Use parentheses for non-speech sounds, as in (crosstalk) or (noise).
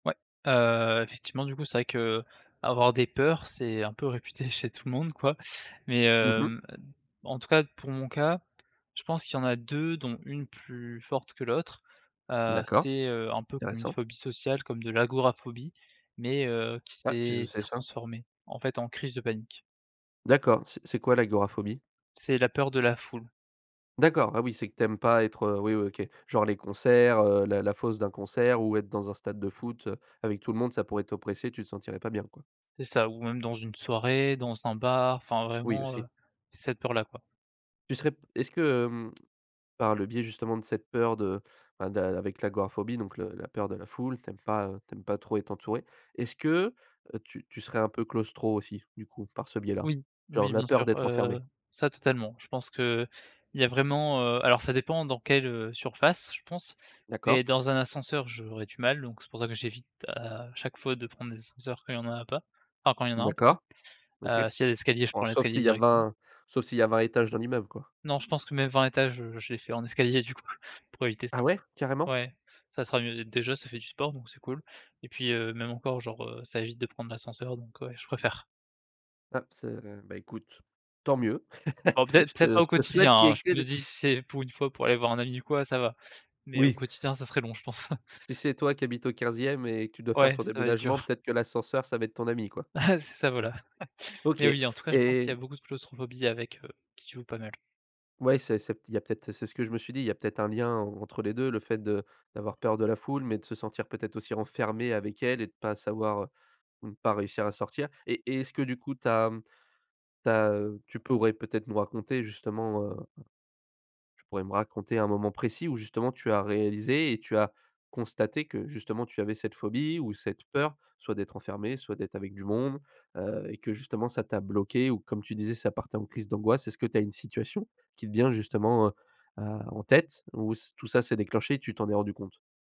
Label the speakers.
Speaker 1: Ouais, heu, effectivement, du coup, c'est vrai qu'avoir des peurs, c'est un peu réputé chez tout le monde, quoi. Mais
Speaker 2: Mmh mh?
Speaker 1: heu, en tout cas, pour mon cas, je pense qu'il y en a 2 dont une plus forte que l'autre. Heu,
Speaker 2: D'accord,
Speaker 1: c'est, heu, un peu comme une
Speaker 2: intéressant.
Speaker 1: phobie sociale, comme de l'agoraphobie mais heu, qui
Speaker 2: Ah, qu'est-ce que
Speaker 1: s'est
Speaker 2: c'est ça?
Speaker 1: transformée, en fait, en crise de panique.
Speaker 2: D'accord, c'est c'est quoi, l'agoraphobie?
Speaker 1: C'est la peur de la foule.
Speaker 2: D'accord, ah, oui, c'est que tu aimes pas être, heu, oui, oui, OK, genre les concerts, heu, la la fosse d'un concert ou être dans un stade de foot, heu, avec tout le monde, ça pourrait t'oppresser, tu te sentirais pas bien, quoi?
Speaker 1: C'est ça ou même dans une soirée, dans un bar, enfin,
Speaker 2: Oui,
Speaker 1: vraiment, heu,
Speaker 2: aussi.
Speaker 1: c'est cette peur-là, quoi.
Speaker 2: Tu serais p est-ce que, hem, par le biais, justement, de cette peur de, enfin, d'un avec l'agoraphobie, donc le la peur de la foule, tu aimes pas, heu, tu aimes pas trop être entouré, est-ce que, heu, tu tu serais un peu claustro aussi? Du coup, par ce biais-là?
Speaker 1: Oui,
Speaker 2: Genre,
Speaker 1: oui,
Speaker 2: la
Speaker 1: bien
Speaker 2: peur
Speaker 1: sûr,
Speaker 2: d'être
Speaker 1: heu,
Speaker 2: enfermé?
Speaker 1: ça, totalement. Je pense qu'il y a vraiment, heu, alors, ça dépend dans quelle, heu, surface, je pense,
Speaker 2: D'accord.
Speaker 1: mais dans un ascenseur, j'aurais du mal, donc c'est pour ça que j'évite à chaque fois de prendre les ascenseurs quand il y en a a pas, enfin, quand il y en a
Speaker 2: Mmh,
Speaker 1: un, pardon.
Speaker 2: d'accord. OK.
Speaker 1: Heu s'il y a des escaliers, je
Speaker 2: Oh,
Speaker 1: prends
Speaker 2: sauf
Speaker 1: l'escalier
Speaker 2: s'il y a
Speaker 1: directement.
Speaker 2: 20, sauf s'il y a 20 étages dans l'immeuble, quoi.
Speaker 1: Non, je pense que, même, 20 étages, heu, je les fait en escalier, du coup, pour éviter ça.
Speaker 2: Ah, ouais? Carrément?
Speaker 1: Ouais, ça sera mieux, dé déjà, ça fait du sport donc c'est cool et puis, heu, même encore, genre, heu, ça évite de prendre l'ascenseur donc ouais, je préfère.
Speaker 2: Ah, c'est, heu. Bah, écoute, tant mieux. (laughs)
Speaker 1: Bon,
Speaker 2: Je
Speaker 1: peut-être peut-être
Speaker 2: te
Speaker 1: pas au
Speaker 2: je te
Speaker 1: quotidien,
Speaker 2: souhaite qu'il y
Speaker 1: hein,
Speaker 2: ait
Speaker 1: je
Speaker 2: que
Speaker 1: me
Speaker 2: des
Speaker 1: dis: «Si c'est pour 1 fois, pour aller voir un ami ou quoi, ça va» mais au
Speaker 2: Oui.
Speaker 1: quotidien, ça serait long, je pense. (chuckles)
Speaker 2: Si, c'est toi qui habite au 15e et que tu dois faire
Speaker 1: Ouais,
Speaker 2: ton
Speaker 1: ça va être
Speaker 2: déménagement,
Speaker 1: dur.
Speaker 2: peut-être que l'ascenseur, ça va être ton ami, quoi.
Speaker 1: Eh, c'est ça, voilà. (chuckles)
Speaker 2: OK,
Speaker 1: Mais oui, en tout cas, je pense qu'il
Speaker 2: et
Speaker 1: y a beaucoup de claustrophobie avec heu, qui joue pas mal.
Speaker 2: Ouais, c'est c'est il y a peut-être, c'est ce que je me suis dit, il y a peut-être un lien en entre les 2, le fait de d'avoir peur de la foule mais de se sentir, peut-être, aussi renfermé avec elle et de pas savoir, heu ou pas réussir à sortir et et est-ce que, du coup, tu as, mmh, tu as, heu, tu pourrais peut-être nous raconter justement heu tu pourrais me raconter un moment précis où, justement, tu as réalisé et tu as constaté que, justement, tu avais cette phobie ou cette peur, soit d'être enfermé, soit d'être avec du monde, heu et que, justement, ça t'a bloqué ou comme tu disais, ça partait en crises d'angoisse? Est-ce que tu as une situation qui te vient justement, heu, bah, en tête ou c tout ça s'est déclenché et tu t'en es rendu compte?